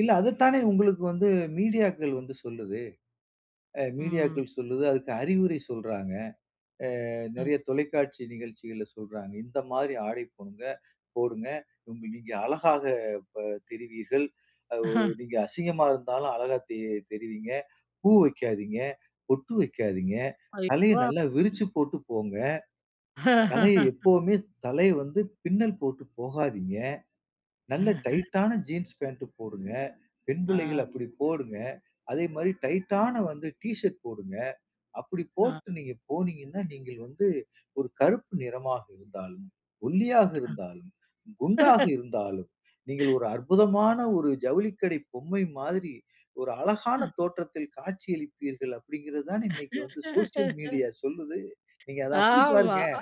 இல்ல. அத தானே உங்களுக்கு வந்து மீடியாக்கள் வந்து சொல்லுது. அ ம். மீடியாக்கள் சொல்லுது, அதுக்கு அறிவுரை சொல்றாங்க. அ அ. நிறைய தொலைக்காட்சி நிகழ்ச்சிகள்ல சொல்றாங்க. இந்தமாரி ஆடை போடுங்க! போடுங்க! நீங்க அழகாக ப தெரிவீர்கள். அ நீங்க அசிங்கமா இருந்தாலும் அழகா தெ தெரிவீங்க. பூ வைக்காதீங்க. பொட்டு வைக்காதீங்க. ஐயோ! தலைய நல்லா [unintelligible] விரிச்சு போட்டு போங்க. தலைய எப்பவுமே தலைய வந்து பின்னல் போட்டு போகாதீங்க. நல்ல [unintelligible] டைட்டான ஜீன்ஸ் பேண்ட் போடுங்க, பெண் பிள்ளைகள் ஆ. அப்பிடி போடுங்க. அதேமாரி டைட்டான வந்து டி ஷர்ட் போடுங்க. அப்பிடி ஆ. போட்டு நீங்க போனீங்கன்னா, நீங்கள் வந்து ஒரு கருப்பு நிறமாக இருந்தாலும், ஒல்லியாக அ. இருந்தாலும், குண்டாக இருந்தாலும், நீங்கள் ஒரு அற்புதமான ஒரு ஜவுளிக்கடை பொம்மை மாதிரி, ஒரு அழகான அ. தோற்றத்தில் காட்சி அளிப்பீர்கள்! அப்பிடிங்கிறதுதானே இன்னக்கி வந்து சோசியல் மீடியா சொல்லுது. நீங்க அத அப்பிடி ஆமா, பாருங்க, அ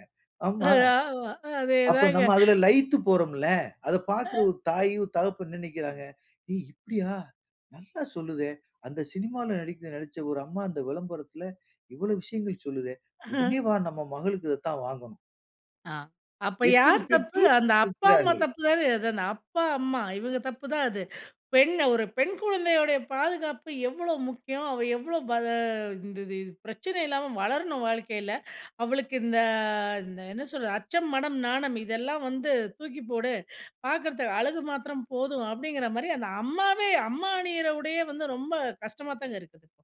ஆமா. [unintelligible] ஆமா. அதே அப்போ தாங்க. நம்ம அதில லயித்து போறோம்ல. அத பார்க்கிற ஒரு [unintelligible] தாயும், தகப்பன் என்ன நினைக்கிறாங்க, "ஏய்! இப்பிடியா! நல்லா சொல்லுதே! அந்த சினிமால நடிக்க நடிச்ச ஒரு அம்மா அந்த விளம்பரத்தில இவள விஷயங்கள் சொல்லுதே! அஹ. உடனே வா! நம்ம மகளுக்கு இத தான் வாங்கணும்." ஆ, அப்ப எத்தனை யார் தப்பு? பெற்றோர் அந்த [unintelligible] அப்பா, அம்மா இருக்கிறார்கள். தப்புதானே! எதனா அப்பா, அம்மா இவுங்க தப்பு தான் அது. பெண் ஒரு பெண் குழந்தையுடைய பாதுகாப்பு எவ்ளோ முக்கியம்? அவ எவ்ளோ [unintelligible] இந்த இது பிரச்சனை இல்லாம வளரணும், வாழ்க்கையில. அவளுக்கு இந்த, இந்த என்ன சொல்றது? அச்சம், மடம், நாணம் இதெல்லாம் வந்து தூக்கி போடு! பார்க்கிறத்து அழகு மாத்திரம் போதும் அப்பிடிங்கிறமாரி அந்த அம்மாவே அம்மா அணியிற உடையே வந்து ரொம்ப கஷ்டமாதாங்க இருக்குது.